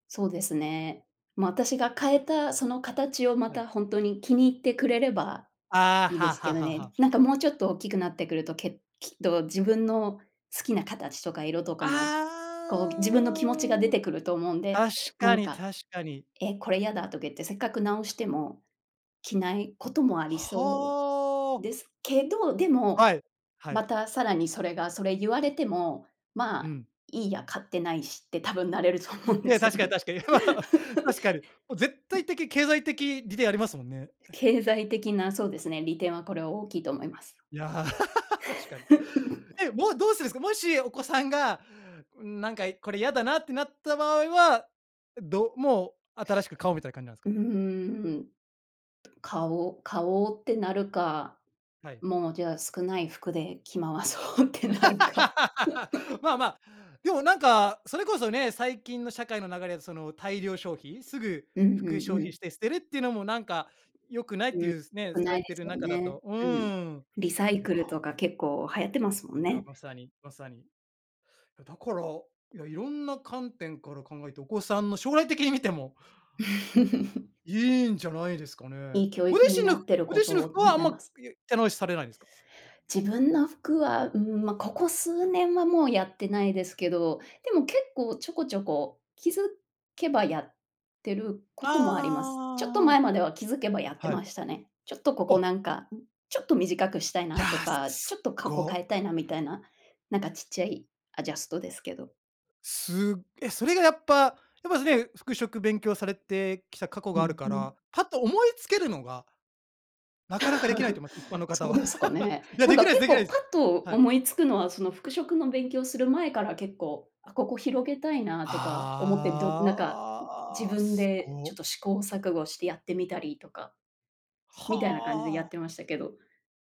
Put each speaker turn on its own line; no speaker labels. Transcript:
そうですね。まあ、私が変えた、その形を、ま
はい。
た、ほんとに気に入ってくれれば
ああ、
いい
は
で
あ
す
は
け
あ
ど
はあは
ね。
あ。
なんか、もうちょっと大きくなってくると、けっきっと自分の好きな形とか色とかも、
あ
こう、自分の気持ちが出
あ。
てくると思うんで、
確
な
か
ん
に
か、
確かに。
え、これやだ。とか言って、せっかく直しても着ないこともありそう
はあ。
ですけど、でも、
はい、は
ま
い。
た、さらに、それがそれゆわれても、ま
う
あ、
ん。
いいや、買ってないし。って多分なれると思うんで
ね、
すよ
確かに
ね。
確かに 確かに。もう、絶
ね。
対的、経済的、利でありますもんね。
経済的な、そうですね、利点は、これは、大きいと思います。
いや、確かに。え、もう、どうするんすか？もしお子さんが、「うーん。なんか、これ、やだな」ってなった場合は、どもう、新しく買おうみたいな感じなんですか？
うーん。買おう買おうってなるか、
はい。
もう、じゃあ、少ない服で着回そうってなるか。
まあまあ、でも、なんか、それこそね、最近の社会の流れで、その、大量消費、すぐ、
うんう
服、消
んう
費
ん。
して捨てるっていうのも、なんか、良くない
う
っ
ー
て
ん。よ
いうすね、
く
さ
な
れ
いで
て
す
る
よ
中だ
ね。
とう
うーん。
ーん。
リサイ
よ
クルと
か
か結構流行ってますもん
いや、
ね。
まさにまさに。だから、いや、いろんな観点から考えて、お子さんの将来的に見ても いいんじゃないですかね。
いい教
ご
育に
自身
な
の
ってる
ご
こ
自
と
身の
を
服は、あん
願い
ま、
ます。
いえ手直しされないんですか？
自分の服は、うーん。まあ、ここ数年はもうやってないですけど、でも、結構ちょこちょこ気づけばやってる
ああああああ
こともあります。ちょっと
あああああ
前
あ。
までは気づけばやって
はい。
ましたね。ちょっとここ、
お。
なんか、んちょっと短くしたい
い
な
や、
と
す
か、
す
ちょっ
っ
とかこ変
ご。
えたいなみたいな、なんか、ちっちゃいアジャストですけど。
すえ、それがやっぱやっぱね、服飾勉強されてきた過去
う
がある
んう
か
ん。
ら、パッと思いつけるのがなかなかできないと 思います、一般の方
そう
は。
ですかね。
いや
なん
でき
か、
ないです
結
できない
構、
です。
パッと
はい。
思いつくのは、その、服飾の勉強する前から結構、あ、ここ広げたいなとか思って、どなんか、自
ああ、
分
す
で、ちょ
ご。
っと、試行錯誤してやってみたりとか。
は
みたいな感じでやっ
あ。
てましたけど。